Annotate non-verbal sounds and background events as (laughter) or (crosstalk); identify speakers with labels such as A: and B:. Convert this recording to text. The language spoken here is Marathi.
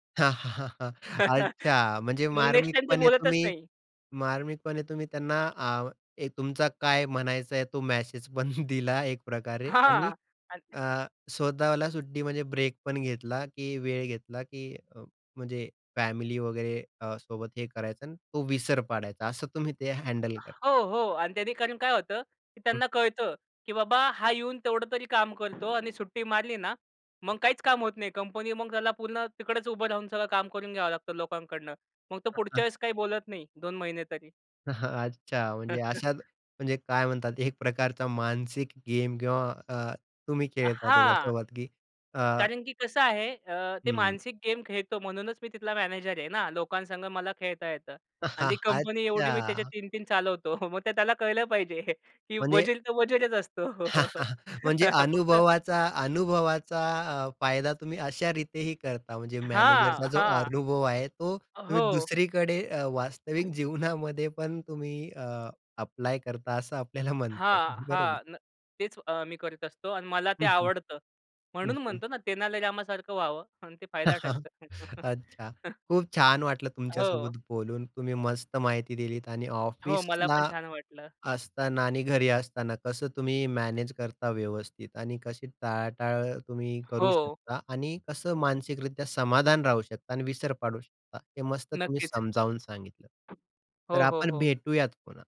A: हां, हां, हां, हां.
B: मग
A: अच्छा. म्हणजे
B: नेक्स्ट टाईम ते
A: मार्मिकपणे
B: बोलतच
A: तुम्ही
B: नाही.
A: मार्मिकपणे तुम्ही त्यांना अ, एक तुमचा काय म्हणायचं आहे, तो मेसेज पण दिला एक प्रकारे आणि
B: हां. अत
A: अ, स्वतःला सुट्टी म्हणजे ब्रेक पण घेतला, की वेळ घेतला, की अ, म्हणजे फॅमिली वगैरे अ, सोबत हे करायचं आणि तो विसर पाडायचा असं तुम्ही ते हँडल कर
B: हो, हो. आणि त्यांनी कारण काय होतं, की
A: हं.
B: त्यांना कळतं, की बाबा हा येऊन तेवढं तरी काम करतो आणि सुट्टी मारली ना, मग काहीच काम होत नाही. कंपनी मग त्याला पूर्ण तिकडच उभं राहून सगळं काम करून घ्यावं लागतं लोकांकडनं. मग तो
A: अ,
B: पुढच्या
A: हां.
B: वेळेस काही बोलत नाही 2 महिने तरी.
A: हां. अच्छा. म्हणजे अशा
B: (chuckles)
A: म्हणजे काय म्हणतात एक प्रकारचा मानसिक गेम किंवा अ, तुम्ही
B: अ,
A: खेळता
B: हां.
A: त्याच्यासोबत की. अ
B: कारण की कसं आहे अ, ते
A: हं.
B: मानसिक गेम खेळतो म्हणूनच मी तिथला मॅनेजर आहे ना. लोकांसंगं मला खेळता येतं.
A: अ,
B: आणि
A: हां.
B: ती कंपनी एवढी मी त्याचे
A: अच्छा.
B: 3-3 चालवतो. मग ते त्याला कळलं पाहिजे की
A: म्हणजे
B: वजीर तर वजीरच असतो.
A: (chuckles) म्हणजे
B: फक्त
A: अनुभवाचा अनुभवाचा अ, फायदा तुम्ही अशा रीतेही करता म्हणजे मॅनेजरचा
B: हां,
A: जो
B: हां.
A: अनुभव आहे, तो तुम्ही
B: हो.
A: दुसरीकडे अ, वास्तविक जीवनामध्ये पण तुम्ही ॲप्लाय करता असं आपल्याला म्हणता
B: हां,
A: येईल. बरोबर.
B: हां. न तेच अ, मी करत असतो आणि मला ते
A: हं, हं,
B: आवडतं.
A: हं,
B: म्हणून
A: हं.
B: म्हणतो ना, तेनाली रामासारखं व्हावं म्हणून ते फायदा
A: (laughs)
B: ठरतं.
A: अच्छा.
B: (laughs)
A: खूप छान वाटलं
B: हो.
A: तुमच्यासोबत बोलून. तुम्ही मस्त माहिती दिलीत आणि
B: हो. मला
A: ऑफिसला,
B: पण छान वाटलं.
A: असताना आणि घरी असताना कसं तुम्ही मॅनेज करता व्यवस्थित आणि कशी टाळाटाळ तुम्ही करू
B: हो.
A: शकता आणि कसं मानसिकरित्या समाधान राहू शकता आणि विसर पाडू शकता. हे मस्त तुम्ही
B: नक्कीच.
A: समजावून सांगितलं. तर
B: हो, हो,
A: आपण
B: हो.
A: भेटूयात पुन्हा.